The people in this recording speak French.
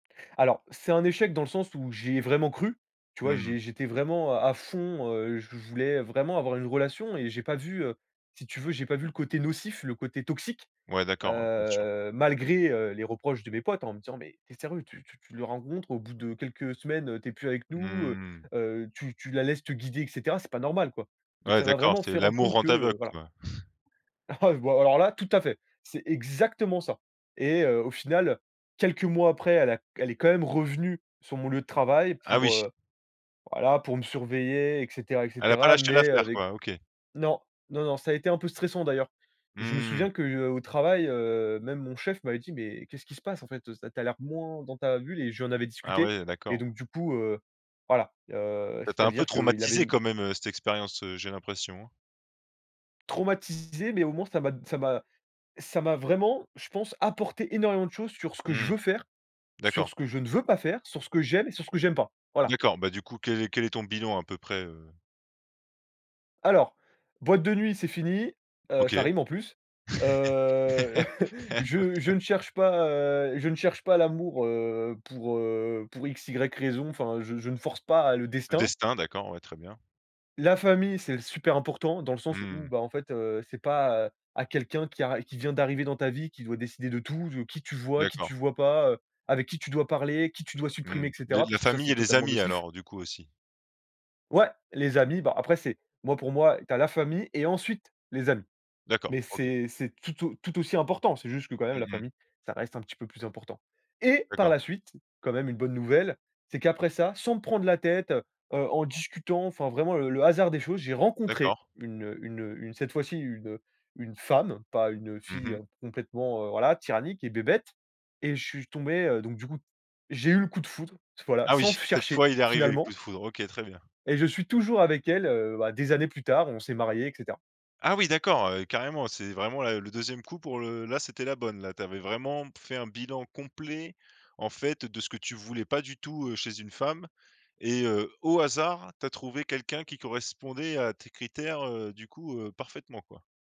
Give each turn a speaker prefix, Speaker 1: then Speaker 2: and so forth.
Speaker 1: Alors, c'est un échec dans le sens où j'y ai vraiment cru, tu
Speaker 2: Mmh
Speaker 1: vois?
Speaker 2: mh.
Speaker 1: j'é j'étais vraiment à à fond, heu, je voulais vraiment avoir une relation et j'ai pas vu, heu, si tu veux, j'ai pas vu le côté nocif, le côté toxique,
Speaker 2: Ouais, d'accord, ouais, bien sûr.
Speaker 1: heu, malgré, heu, les reproches de mes potes en me disant: «Mais tu es sérieux? Tu tu la rencontres, au bout de quelques semaines, heu, tu es plus avec
Speaker 2: Mmh
Speaker 1: nous, heu
Speaker 2: mh mh.
Speaker 1: heu, tu tu la laisses te guider, et cetera, c'est pas normal, quoi». Donc
Speaker 2: Ouais,
Speaker 1: ça m'a
Speaker 2: d'accord,
Speaker 1: vraiment
Speaker 2: c'est
Speaker 1: fait rendre
Speaker 2: l'amour
Speaker 1: compte
Speaker 2: rend
Speaker 1: que,
Speaker 2: aveugle,
Speaker 1: heu, voilà.
Speaker 2: quoi.
Speaker 1: Ah, bah, alors là, tout à fait, c'est exactement ça! Et heu, au final, quelques mois après, elle a q elle est quand même revenue sur mon lieu de travail
Speaker 2: Ah
Speaker 1: pour
Speaker 2: oui!
Speaker 1: heu, voilà, pour me surveiller, et cetera, et
Speaker 2: Elle a pas
Speaker 1: cetera.
Speaker 2: lâché
Speaker 1: Mais
Speaker 2: l'affaire,
Speaker 1: avec
Speaker 2: quoi. OK.
Speaker 1: non, non non, ça a été un peu stressant, d'ailleurs. Je me
Speaker 2: Mmh mh.
Speaker 1: souviens que, heu, au travail, heu, même mon chef m'avait dit: «Mais qu'est-ce qui se passe, en fait, heu, ça tu as l'air moins dans ta bulle?» et je lui en avais
Speaker 2: Ah
Speaker 1: discuté
Speaker 2: ouais, heu,
Speaker 1: et
Speaker 2: d'accord.
Speaker 1: donc du coup, heu, voilà, heu,
Speaker 2: Ça t'a un peu
Speaker 1: c'est-à-dire qu'il avait
Speaker 2: traumatisé, quand
Speaker 1: m
Speaker 2: même, heu, cette expérience, heu, j'ai l'impression, hein?
Speaker 1: Traumatisé, mais au moins ça m'a d ça m'a ça m'a vraiment, je pense, apporté énormément de choses sur ce que je
Speaker 2: Mmh.
Speaker 1: veux faire, sur
Speaker 2: D'accord.
Speaker 1: ce que je ne veux pas faire, sur ce que j'aime et sur ce que j'aime pas, voilà.
Speaker 2: D'accord, bah, du coup quel est quel est ton bilan, à peu près, heu?
Speaker 1: Alors, boîte de nuit, c'est fini, heu, ça
Speaker 2: OK.
Speaker 1: rime en plus. Heu,
Speaker 2: OK.
Speaker 1: je je ne cherche pas, heu, je ne cherche pas l'amour, heu, pour heu, pour x, y raison, enfin, je je ne force pas le
Speaker 2: Le
Speaker 1: destin.
Speaker 2: destin, d'accord, ouais, très bien.
Speaker 1: La famille, c'est super important dans le
Speaker 2: Mmh
Speaker 1: sens où,
Speaker 2: mh.
Speaker 1: bah, en fait, heu, c'est pas, heu, à quelqu'un qui a qui vient d'arriver dans ta vie qui doit décider de tout, de qui tu vois, qui
Speaker 2: D'accord.
Speaker 1: tu vois pas, heu, avec qui tu dois parler, qui tu dois supprimer, et
Speaker 2: Mmh. Des
Speaker 1: cetera,
Speaker 2: la
Speaker 1: parce que ça, c'est
Speaker 2: famille et les
Speaker 1: totalement
Speaker 2: amis,
Speaker 1: nocif.
Speaker 2: alors du coup aussi.
Speaker 1: Ouais! Les amis, bah, après, c'est moi, pour moi, tu as la famille et ensuite, les amis.
Speaker 2: D'accord,
Speaker 1: Mais
Speaker 2: OK.
Speaker 1: c'est c'est tout au tout aussi important. C'est juste que, quand même,
Speaker 2: Mmh
Speaker 1: la
Speaker 2: mh.
Speaker 1: famille, ça reste un petit peu plus important. Et par
Speaker 2: D'accord.
Speaker 1: la suite, quand même, une bonne nouvelle, c'est qu'après ça, sans me prendre la tête, heu heu, en discutant, enfin, vraiment le le hasard des choses, j'ai rencontré
Speaker 2: D'accord.
Speaker 1: une, heu une, heu, une cette fois-ci une, heu, une femme, pas une, heu,
Speaker 2: Mmh
Speaker 1: fille
Speaker 2: mh.
Speaker 1: complètement, heu, voilà, tyrannique et bébête, et je suis tombé, heu, donc du coup, j'ai eu le coup de foudre, voilà,
Speaker 2: Ah oui,
Speaker 1: sans f
Speaker 2: cette
Speaker 1: chercher,
Speaker 2: fois il est arrivé, le coup
Speaker 1: finalement
Speaker 2: de foudre. OK, très bien.
Speaker 1: et je suis toujours avec elle, heu, bah, des années plus tard, et on s'est marié, et cetera.
Speaker 2: Ah oui, d'accord, heu, carrément! C'est vraiment, là, le 2e coup pour le là, c'était la bonne, là, tu avais vraiment p fait un bilan complet, en fait, de ce que tu voulais pas du tout, heu, chez une femme, et heu, au hasard, tu as trouvé quelqu'un qui correspondait à tes critères, heu, du coup, heu, parfaitement, quoi.